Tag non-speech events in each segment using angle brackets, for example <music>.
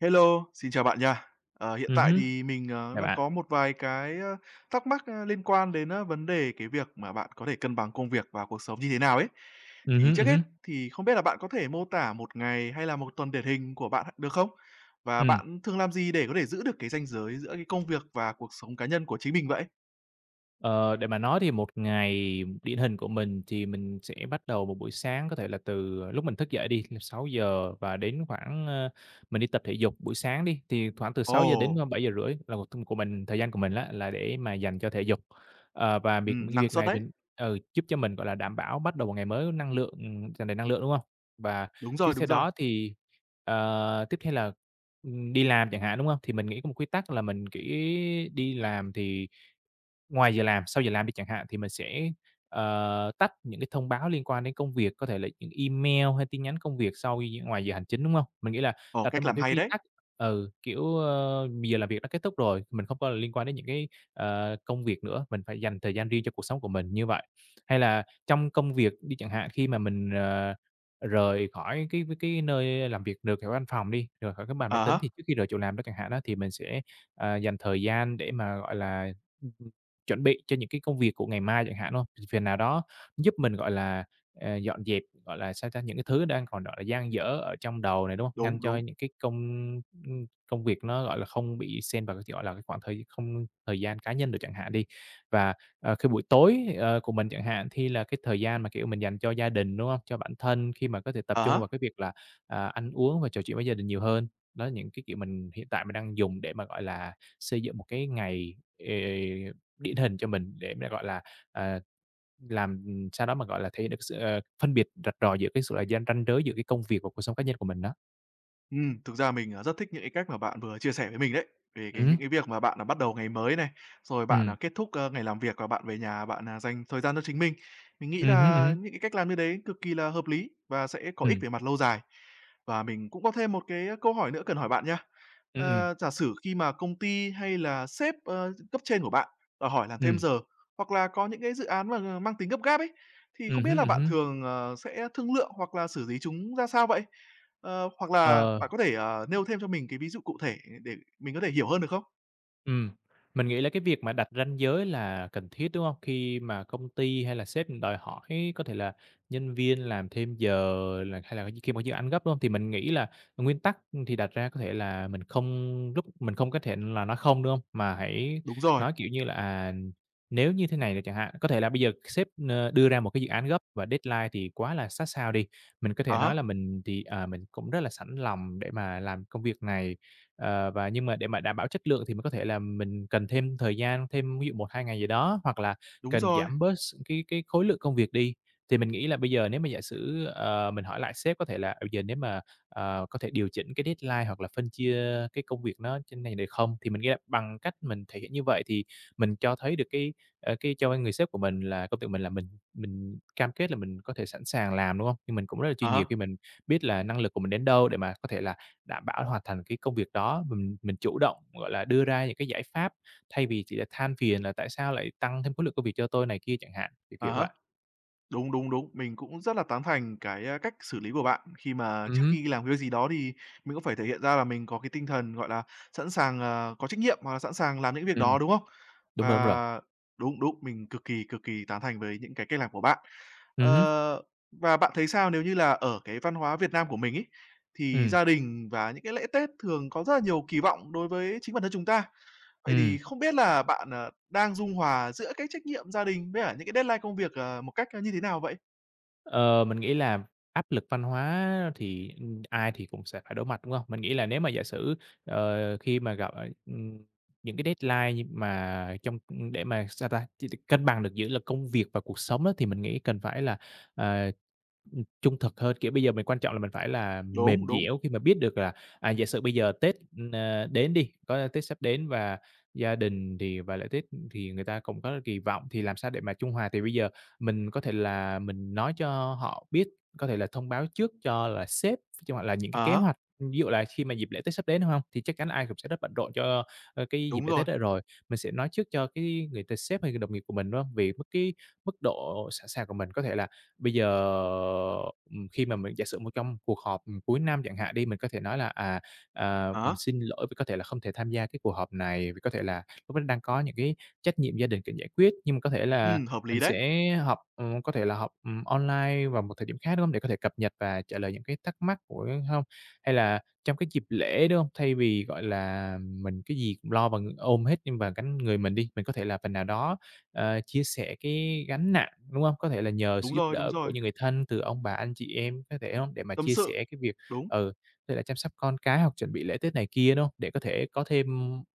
Hello, xin chào bạn nha. Ờ, hiện Ừm tại hứm. thì mình, à, Chào đang bạn. có một vài cái, a, thắc mắc, a, liên quan đến, a, vấn đề cái việc mà bạn có thể cân bằng công việc và cuộc sống như thế nào ấy. Ừm Thì hứm, trước ừm hết hứm. thì không biết là bạn có thể mô tả 1 ngày, hay là 1 tuần điển hình của bạn được không? Và Ừm. bạn thương làm gì để có thể giữ được cái ranh giới giữa cái công việc và cuộc sống cá nhân của chính mình vậy? Ờ, để mà nói thì 1 ngày điển hình của mình thì mình sẽ bắt đầu một buổi sáng có thể là từ lúc mình thức dậy đi, <unintelligible> 6:00 và đến khoảng, ơ, mình đi tập thể dục buổi sáng đi thì khoảng từ sáu giờ đến Ồ! bảy giờ rưỡi là một t của mình, thời gian của mình á, là để mà dành cho thể dục. À, và việc Ừm, cái năng việc suất này thì đấy. ừ, giúp cho mình, gọi là, đảm bảo bắt đầu một ngày mới năng lượng, ừm, tràn đầy năng lượng, đúng hông? Và Đúng tiếp rồi, theo đúng rồi. đó thì, ờ, tiếp theo là, ừm, đi làm chẳng hạn, đúng hông? Thì mình nghĩ có một quy tắc là mình chỉ đi làm thì ngoài giờ làm, sau giờ làm đi chẳng hạn thì mình sẽ, ờ, tắt những cái thông báo liên quan đến công việc, có thể là e email hay tin nhắn công việc sau gi ngoài giờ hành chính, đúng hông? Mình nghĩ là Ồ, đặt ra cách một làm cái hay quy đấy. tắc ừ, kiểu, ơ, giờ làm việc đã kết thúc rồi, mình không có liên quan đến những cái, ờ, công việc nữa, mình phải dành thời gian riêng cho cuộc sống của mình như vậy. Hay là trong công việc đi chẳng hạn khi mà mình, ờ, rời khỏi cái cái nơi làm việc được ở văn phòng đi, rời khỏi cái bàn À máy tính há. thì trước khi rời chỗ làm đó chẳng hạn á, thì mình sẽ, à, dành thời gian để mà, gọi là, chuẩn bị cho những cái công việc của ngày mai chẳng hạn, đúng hông? Phiền nào đó giúp mình, gọi là, ờ, dọn dẹp, gọi là, sao ta, những cái thứ đang còn, gọi là, dang dở ở trong đầu này, đúng hông? Ngăn Đúng, cho đúng. những cái công, ưm, ưm, công việc nó, gọi là, không bị xen vào, cái gọi là, cái khoảng thời không thời gian cá nhân được chẳng hạn đi. Và, à, khi buổi tối, ờ, của mình chẳng hạn thi là cái thời gian mà, kiểu, mình dành cho gia đình, đúng hông? Cho bản thân khi mà có thể tập Ờ trung há. vào cái việc là, à, ăn uống và trò chuyện với gia đình nhiều hơn. Đó, những cái kiểu mình hiện tại mình đang dùng để mà, gọi là, xây dựng một cái ngày, ờ, điển hình cho mình để nó, gọi là, à, làm, ừm, sao đó mà, gọi là, thể hiện được sự sự, ờ, phân biệt rạch ròi giữa cái sự là gian ranh giới giữa cái công việc và cuộc sống cá nhân của mình đó. Ừm, thực ra mình, à, rất thích những cái cách mà bạn vừa chia sẻ với mình đấy, về cái Ừm những hứm. cái việc mà bạn là bắt đầu ngày mới này, rồi bạn, Ừm. à, kết thúc, ơ, ngày làm việc và bạn về nhà bạn, à, dành thời gian cho chính mình, mình nghĩ Ừm hứm, ừm là hứm. những cái cách làm như đấy cực kỳ là hợp lý và sẽ có ích Ừm. về mặt lâu dài. Và mình cũng có thêm một cái câu hỏi nữa cần hỏi bạn nha. Ưm, Ờ, ừm. giả sử khi mà công ty hay là sếp, ơ, cấp trên của bạn và hỏi làm thêm Ừm. giờ hoặc là có những cái dự án mà mang tính gấp gáp ấy, thì không Ừm biết hứm, là ừm bạn hứm. thường, ờ, sẽ thương lượng hoặc là xử lý chúng ra sao vậy? Ờ, hoặc là Ờ. bạn có thể, ờ, nêu thêm cho mình cái ví dụ cụ thể để mình có thể hiểu hơn, được không? Ừm, mình nghĩ là cái việc mà đặt ranh giới là cần thiết, đúng hông? Khi mà công ty hay là sếp đòi hỏi có thể là nhân viên làm thêm giờ, là hay là khi mà dự án gấp, đúng hông? Thì mình nghĩ là nguyên tắc thì đặt ra có thể là mình không giúp mình không có thể là nói không, đúng hông? Mà hãy Đúng rồi. nói, kiểu như là, à, nếu như thế này rồi chẳng hạn, có thể là bây giờ sếp, ơ, đưa ra một cái dự án gấp và deadline thì quá là sát sao đi, mình có thể À nói há. là mình thì, à, mình cũng rất là sẵn lòng để mà làm công việc này, ờ, và nhưng mà để mà đảm bảo chất lượng thì mình có thể là mình cần thêm thời gian, thêm ví dụ 1, 2 ngày gì đó hoặc là Đúng cần rồi. giảm bớt s cái cái khối lượng công việc đi. Thì mình nghĩ là bây giờ nếu mà giả sử, ờ, mình hỏi lại sếp có thể là "Ừ, giờ nếu mà, ờ, có thể điều chỉnh cái deadline hoặc là phân chia cái công việc nó trên này được không?" Thì mình ghe bằng cách mình thể hiện như vậy thì mình cho thấy được cái, ơ, cái cho cái người sếp của mình là công việc mình là mình mình cam kết là mình có thể sẵn sàng làm, đúng hông? Thì mình cũng rất là À chuyên nghiệp há. khi mình biết là năng lực của mình đến đâu để mà có thể là đảm bảo hoàn thành cái công việc đó, mình mình chủ động, gọi là, đưa ra những cái giải pháp, thay vì chỉ là than phiền là "Tại sao lại tăng thêm khối lượng công việc cho tôi này kia?" Chẳng hạn, kiểu À kiểu há. vậy. Đúng, đúng, đúng. Mình cũng rất là tán thành cái, ơ, cách xử lý của bạn khi mà Ừm trước hứm. khi làm cái việc gì đó thì mình cũng phải thể hiện ra là mình có cái tinh thần, gọi là, sẵn sàng, ờ, có trách nhiệm hoặc là sẵn sàng làm những việc Ừm, đó, đúng không? đúng rồi, đúng rồi. Và đúng, đúng, mình cực kỳ, cực kỳ tán thành với những cái cách làm của bạn. Ừm hứm. Ờ, và bạn thấy sao nếu như là ở cái văn hóa Việt Nam của mình ấy, thì Ừm. gia đình vào những cái lễ Tết thường có rất là nhiều kỳ vọng đối với chính bản thân chúng ta. Vậy thì Ừm. không biết là bạn, à, đang dung hòa giữa cái trách nhiệm gia đình với cả những cái deadline công việc, ờ, một cách như thế nào vậy? Ờ, mình nghĩ là áp lực văn hóa thì, ừm, ai thì cũng sẽ phải đối mặt, đúng hông? Mình nghĩ là nếu mà giả sử, ờ, khi mà gặp, ờ, ừm, những cái deadline như mà trong ưm, để mà, sao ta, chi được cân bằng được giữa công việc và cuộc sống á, thì mình nghĩ cần phải là, à, ừm, trung thực hơn. Kiểu, bây giờ mình quan trọng là mình phải là Đúng, mềm đúng. dẻo khi mà biết được là, à, giả sử bây giờ Tết, ơ, đến đi, có Tết sắp đến và gia đình thì và lễ Tết, ừm, thì người ta cũng có kỳ vọng thì làm sao để mà trung hòa. Thì bây giờ mình có thể là mình nói cho họ biết, có thể là thông báo trước cho là sếp, cho họ là những cái Ờ kế há. hoạch, ưm, ví dụ là khi mà dịp lễ Tết sắp đến, đúng hông? Thì chắc chắn ai cũng sẽ rất bận rộn cho, ơ, cái dịp Đúng lễ rồi. Tết đó rồi, mình sẽ nói trước cho cái người t sếp hay đồng nghiệp của mình, đúng hông? Vì mức cái mức độ sẵn sàng của mình, có thể là bây giờ, ừm, khi mà mình giả sử một trong cuộc họp, ừm, cuối năm chẳng hạn đi, mình có thể nói là, à, à, À há. xin lỗi vì có thể là không thể tham gia cái cuộc họp này, vì có thể là lúc đó đang có những cái trách nhiệm gia đình cần giải quyết, nhưng mà có thể là Ừm, hợp mình lý đấy. sẽ họp, ừm, có thể là họp, ừm, online vào một thời điểm khác, đúng hông? Để có thể cập nhật và trả lời những cái thắc mắc của hông? Hay là trong cái dịp lễ, đúng hông? Thay vì, gọi là, mình cái gì cũng lo bằng ôm hết nhưng và gánh người mình đi, mình có thể là phần nào đó, ờ, chia sẻ cái gánh nặng, đúng hông? Có thể là nhờ Đúng sự giúp rồi, đúng đỡ của rồi. những người thân từ ông bà, anh chị em, có thể hông, để mà Tâm chia sự, sẻ cái việc, đúng. ừ, như là chăm sóc con cái hoặc chuẩn bị lễ Tết này kia, đúng hông? Để có thể có thêm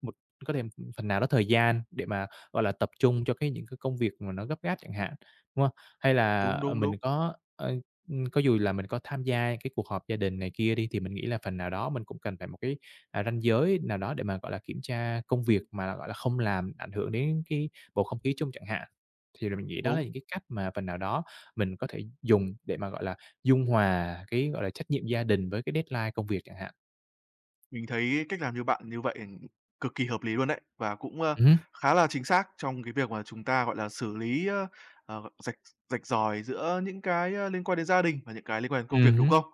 một có thêm, ưm, phần nào đó thời gian để mà, gọi là, tập trung cho cái những cái công việc mà nó gấp gáp chẳng hạn, đúng hông? Hay là, Đúng, ờ, đúng, mình đúng. có, ơ, ưm, có dù là mình có tham gia cái cuộc họp gia đình này kia đi thì mình nghĩ là phần nào đó mình cũng cần phải một cái, à, ranh giới nào đó để mà, gọi là, kiểm tra công việc mà, gọi là, không làm ảnh hưởng đến cái bầu không khí chung chẳng hạn. Thì rồi mình nghĩ đó là Đúng. những cái cách mà phần nào đó mình có thể dùng để mà, gọi là, dung hòa cái, gọi là, trách nhiệm gia đình với cái deadline công việc chẳng hạn. Mình thấy cách làm như bạn như vậy cực kỳ hợp lý luôn đấy, và cũng, a, Ừm hứm. khá là chính xác trong cái việc mà chúng ta, gọi là, xử lý, ơ, ờ, rạch rạch ròi giữa những cái, a, liên quan đến gia đình và những cái liên quan đến công việc, Ừm đúng hứm. không?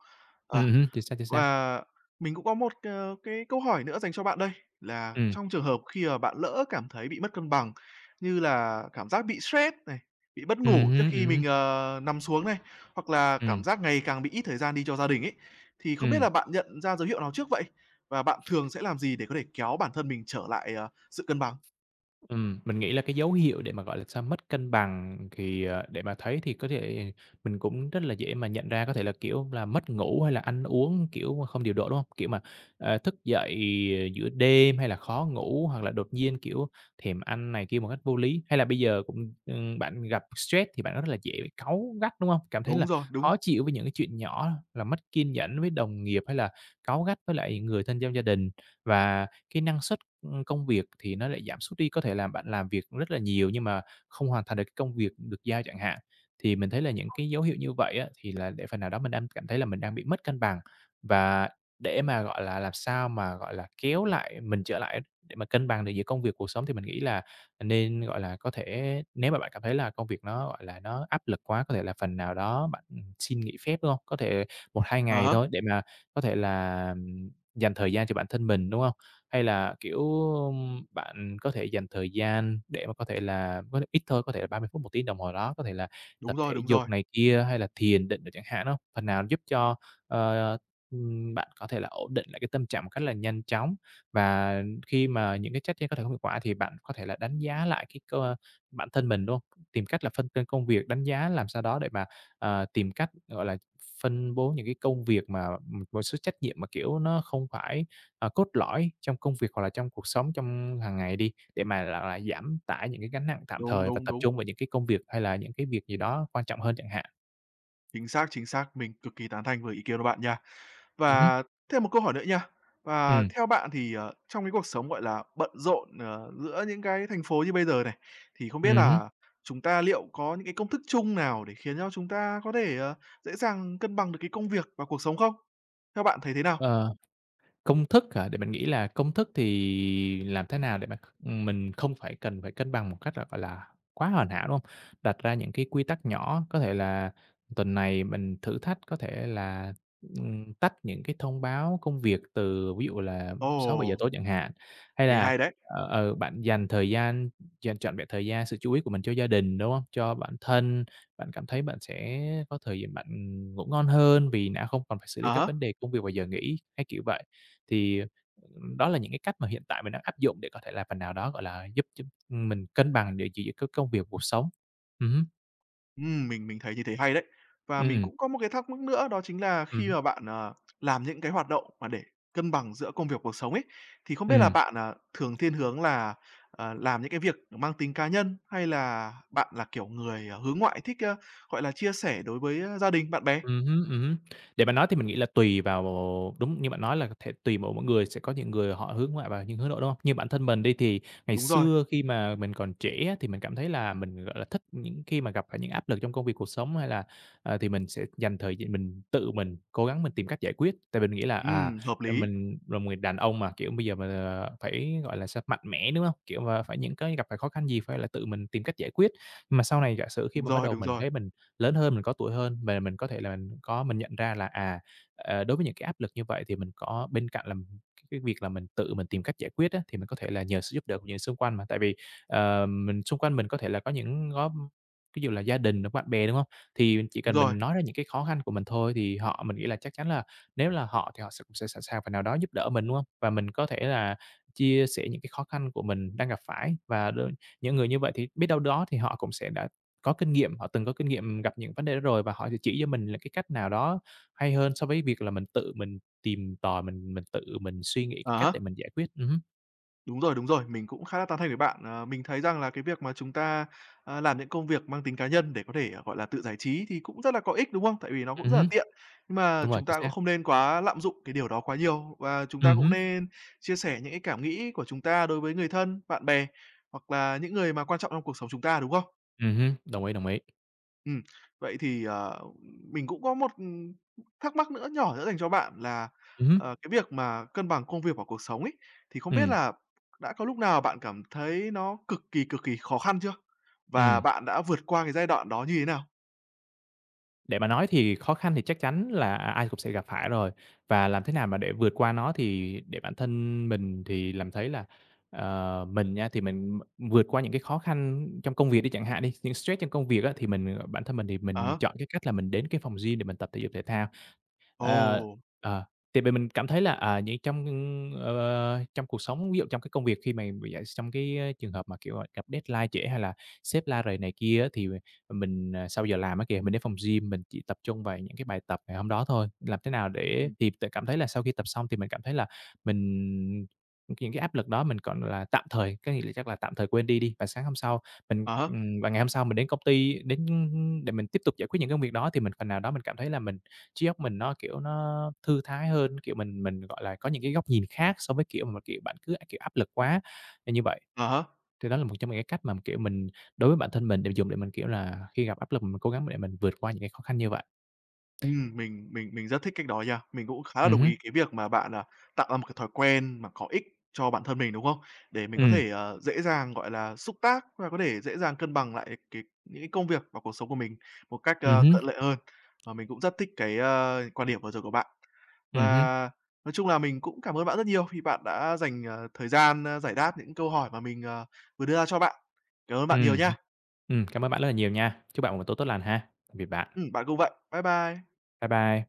Ờ, Ừm hứm. Chính xác, chính xác. và mình cũng có một c cái câu hỏi nữa dành cho bạn đây, là Ừm. trong trường hợp khi mà bạn lỡ cảm thấy bị mất cân bằng, như là cảm giác bị stress này, bị mất Ừm ngủ trước hứm, khi ừm mình, hứm. ờ, nằm xuống này, hoặc là cảm Ừm. giác ngày càng bị ít thời gian đi cho gia đình ấy, thì không biết là Ừm. bạn nhận ra dấu hiệu nào trước vậy? Và bạn thường sẽ làm gì để có thể kéo bản thân mình trở lại, ờ, sự cân bằng? Ừm, mình nghĩ là cái dấu hiệu để mà, gọi là sao, mất cân bằng thì, à, để mà thấy thì có thể mình cũng rất là dễ mà nhận ra có thể là, kiểu là, mất ngủ hay là ăn uống, kiểu, không điều độ, đúng hông? Kiểu mà, ờ, thức dậy giữa đêm hay là khó ngủ hoặc là đột nhiên, kiểu, thèm ăn này kia một cách vô lý. Hay là bây giờ cũng, ừm, bạn gặp stress thì bạn rất là dễ cáu gắt, đúng hông? Cảm thấy Đúng là rồi, đúng. khó chịu với những cái chuyện nhỏ, là mất kiên nhẫn với đồng nghiệp hay là cáu gắt với lại người thân trong gia đình và cái năng suất, ưm, công việc thì nó lại giảm sút đi. Có thể là bạn làm việc rất là nhiều nhưng mà không hoàn thành được cái công việc được giao chẳng hạn. Thì mình thấy là những cái dấu hiệu như vậy á, thì là để phần nào đó mình đang cảm thấy là mình đang bị mất cân bằng. Và để mà, gọi là, làm sao mà, gọi là, kéo lại mình trở lại để mà cân bằng được giữa công việc cuộc sống thì mình nghĩ là nên, gọi là, có thể nếu mà bạn cảm thấy là công việc nó, gọi là, nó áp lực quá, có thể là phần nào đó bạn, ừm, xin nghỉ phép, đúng hông? Có thể 1, 2 À ngày há. thôi để mà có thể là dành thời gian cho bản thân mình, đúng hông? Hay là, kiểu, ơm, bạn có thể dành thời gian để mà có thể là có thể ít thôi, có thể là 30 phút, 1 tiếng đồng hồ đó, có thể là tập Đúng rồi, thể đúng dục rồi. này kia hay là thiền định rồi chẳng hạn, đúng hông? Phần nào giúp cho, ờ, ờ, ưm, bạn có thể là ổn định lại cái tâm trạng một cách là nhanh chóng. Và khi mà những cái trách trên có thể không hiệu quả thì bạn có thể là đánh giá lại cái cơ bản thân mình, đúng hông? Tìm cách là phân cân công việc, đánh giá làm sao đó để mà, à, tìm cách, gọi là, phân bố những cái công việc mà, ừm, một số trách nhiệm mà, kiểu, nó không phải, à, cốt lõi trong công việc hoặc là trong cuộc sống trong hàng ngày đi, để mà là, à, giảm tải những cái gánh nặng tạm Đúng, thời và đúng, tập đúng. trung vào những cái công việc hay là những cái việc gì đó quan trọng hơn chẳng hạn. Chính xác, chính xác, mình cực kỳ tán thành với ý kiến của bạn nha, Ừm hứm. và thêm một câu hỏi nữa nha. Và Ừm. theo bạn thì, ờ, trong cái cuộc sống, gọi là, bận rộn, ờ, giữa những cái thành phố như bây giờ này, thì không biết Ừm hứm. là chúng ta liệu có những cái công thức chung nào để khiến cho chúng ta có thể, ờ, dễ dàng cân bằng được cái công việc và cuộc sống không? Theo bạn thấy thế nào? Ờ, công thức hả để mình nghĩ là công thức thì làm thế nào để mà, ừm, mình không phải cần phải cân bằng một cách là phải là quá hoàn hảo, đúng hông? Đặt ra những cái quy tắc nhỏ, có thể là tuần này mình thử thách có thể là, ừm, tách những cái thông báo công việc từ ví dụ là 6:00-7:00 Ồ. tối chẳng hạn. Hay Nghe là, hay đấy. ờ, ừ, bạn dành thời gian, dành trọn vẹn thời gian, sự chú ý của mình cho gia đình, đúng hông? Cho bản thân, bạn cảm thấy bạn sẽ có thời giờ bạn, ừm, ngủ ngon hơn vì đã không còn phải xử lý Ờ các há. vấn đề công việc vào giờ nghỉ, hay kiểu vậy. Thì đó là những cái cách mà hiện tại mình đã áp dụng để có thể làm phần nào đó, gọi là, giúp giúp, ừm, mình cân bằng được giữa giữa cái công việc, cuộc sống. Ừm hứm. Ừm, mình mình thấy như thế hay đấy. Và mình Ừm. cũng có một cái thắc mắc nữa đó chính là Ừm khi hứm. mà bạn, ờ, làm những cái hoạt động mà để cân bằng giữa công việc, cuộc sống ấy, thì không biết là Ừm. bạn, à, thường thiên hướng là, à, làm những cái việc mang tính cá nhân, hay là bạn là kiểu người, ờ, hướng ngoại thích, a, gọi là, chia sẻ đối với, a, gia đình, bạn bè? Ừm hứm, ừm hứm. Để mà nói thì mình nghĩ là tùy vào ồ đúng như bạn nói là có thể tùy m mỗi người, sẽ có những người họ hướng ngoại và những hướng nội, đúng hông? Như bản thân mình đi, thì ngày Đúng rồi. xưa khi mà mình còn trẻ á, thì mình cảm thấy là mình, gọi là, thích những khi mà gặp phải những áp lực trong công việc, cuộc sống hay là à, thì mình sẽ dành thời gi mình tự mình cố gắng mình tìm cách giải quyết. Tại mình nghĩ là, à, Ừm, hợp do lý. mình là một người đàn ông mà, kiểu, bây giờ mình, ờ, phải, gọi là sao, mạnh mẽ, đúng hông? Kiểu mà phải những cái gặp phải khó khăn gì phải là tự mình tìm cách giải quyết. Nhưng mà sau này giả sử khi Đúng mà bắt rồi, đầu đúng mình rồi. thấy mình lớn hơn, mình có tuổi hơn và mình có thể là có mình nhận ra là, à, à, đối với những cái áp lực như vậy thì mình có bên cạnh là cái việc là mình tự mình tìm cách giải quyết á, thì mình có thể là nhờ sự giúp đỡ của người xung quanh mà. Tại vì, ờ, mình xung quanh mình có thể là có những góp ví dụ là gia đình đó, bạn bè, đúng hông? Thì chỉ Đúng cần rồi. mình nói ra những cái khó khăn của mình thôi thì họ mình nghĩ là chắc chắn là nếu là họ thì họ s sẽ sẵn sàng phần nào đó giúp đỡ mình, đúng hông? Và mình có thể là chia sẻ những cái khó khăn của mình đang gặp phải và đôi những người như vậy thì biết đâu đó thì họ cũng sẽ đã có kinh nghiệm, họ từng có kinh nghiệm gặp những vấn đề đó rồi, và họ sẽ chỉ cho mình là cái cách nào đó hay hơn so với việc là mình tự mình tìm tòi, mình mình tự mình suy nghĩ cái À cách để há. mình giải quyết. Ừm hứm. Đúng rồi, đúng rồi. Mình cũng khá là tán thành với bạn. Ờ, mình thấy rằng là cái việc mà chúng ta, a, làm những công việc mang tính cá nhân để có thể, gọi là, tự giải trí thì cũng rất là có ích, đúng không? Tại vì nó cũng Ừm rất là hứm. tiện, mà Đúng rồi, chúng chính ta cũng xác. không nên quá lạm dụng cái điều đó quá nhiều và chúng ta Ừm cũng hứm. nên chia sẻ những cái cảm nghĩ của chúng ta đối với người thân, bạn bè, hoặc là những người mà quan trọng trong cuộc sống chúng ta, đúng không? Ừm hứm, đồng ý, đồng ý. Ừm. Vậy thì, ờ, ừm, mình cũng có một thắc mắc nữa nhỏ nữa dành cho bạn là, Ừm hứm. ờ, cái việc mà cân bằng công việc và cuộc sống ấy, thì không biết Ừm. là đã có lúc nào bạn cảm thấy nó cực kỳ, cực kỳ khó khăn chưa? Và Ừm. bạn đã vượt qua cái giai đoạn đó như thế nào? Để mà nói thì khó khăn thì chắc chắn là ai cũng sẽ gặp phải rồi. Và làm thế nào mà để vượt qua nó thì để bản thân mình thì làm thấy là ờ, mình nha thì mình vượt qua những cái khó khăn trong công việc đi chẳng hạn đi, những stress trong công việc á, thì mình, ờ, bản thân mình thì À mình há. chọn cái cách là mình đến cái phòng gym để mình tập thể dục thể thao. Ơ. Ồ! Ờ. Thì mình mình cảm thấy là, à, nh trong, ưm, ờ, ờ, trong cuộc sống, ví dụ trong cái công việc khi mà vừa d trong cái trường hợp mà, kiểu, gặp deadline trễ hay là sếp la rầy này kia á, thì m mình, à, sau giờ làm á kìa, mình đến phòng gym, mình chỉ tập trung vào những cái bài tập ngày hôm đó thôi. Làm thế nào để Ừm. thì là cảm thấy là sau khi tập xong thì mình cảm thấy là mình những cái áp lực đó mình, gọi là, tạm thời, có nghĩa là chắc là tạm thời quên đi đi. Và sáng hôm sau mình, À há. ừm, và ngày hôm sau mình đến công ty đến, ưm, ưm, để mình tiếp tục giải quyết những công việc đó thì mình phần nào đó mình cảm thấy là mình, trí óc mình nó, kiểu, nó thư thái hơn, kiểu, mình mình, gọi là, có những cái góc nhìn khác so với, kiểu, mà, kiểu, bạn cứ, kiểu, áp lực quá nên như vậy. À há. Thì đó là một trong những cái cách mà, kiểu, mình đối với bản thân mình để dùng để mình, kiểu là, khi gặp áp lực mình cố gắng để mình vượt qua những cái khó khăn như vậy. Ừm, mình mình mình rất thích cách đó nha. Mình cũng khá là Ừm đồng hứm. ý cái việc mà bạn, à, tạo ra một cái thói quen mà có ích cho bản thân mình, đúng không? Để mình có Ừm. thể, ờ, dễ dàng, gọi là, xúc tác và có thể dễ dàng cân bằng lại cái những cái công việc và cuộc sống của mình một cách, Ừm a, hứm. thuận lợi hơn. Và mình cũng rất thích cái, a, quan điểm vừa rồi của bạn. Ừm hứm. Và nói chung là mình cũng cảm ơn bạn rất nhiều khi bạn đã dành, à, thời gian, a, giải đáp những câu hỏi mà mình, ờ, vừa đưa ra cho bạn. Cảm ơn bạn nhiều Ừm nha. hưm. Ừm, cảm ơn bạn rất là nhiều nha. Chúc bạn buổi tối tốt lành ha, biệt bạn. Ừm, bạn cũng vậy. Bye bye. Bye bye.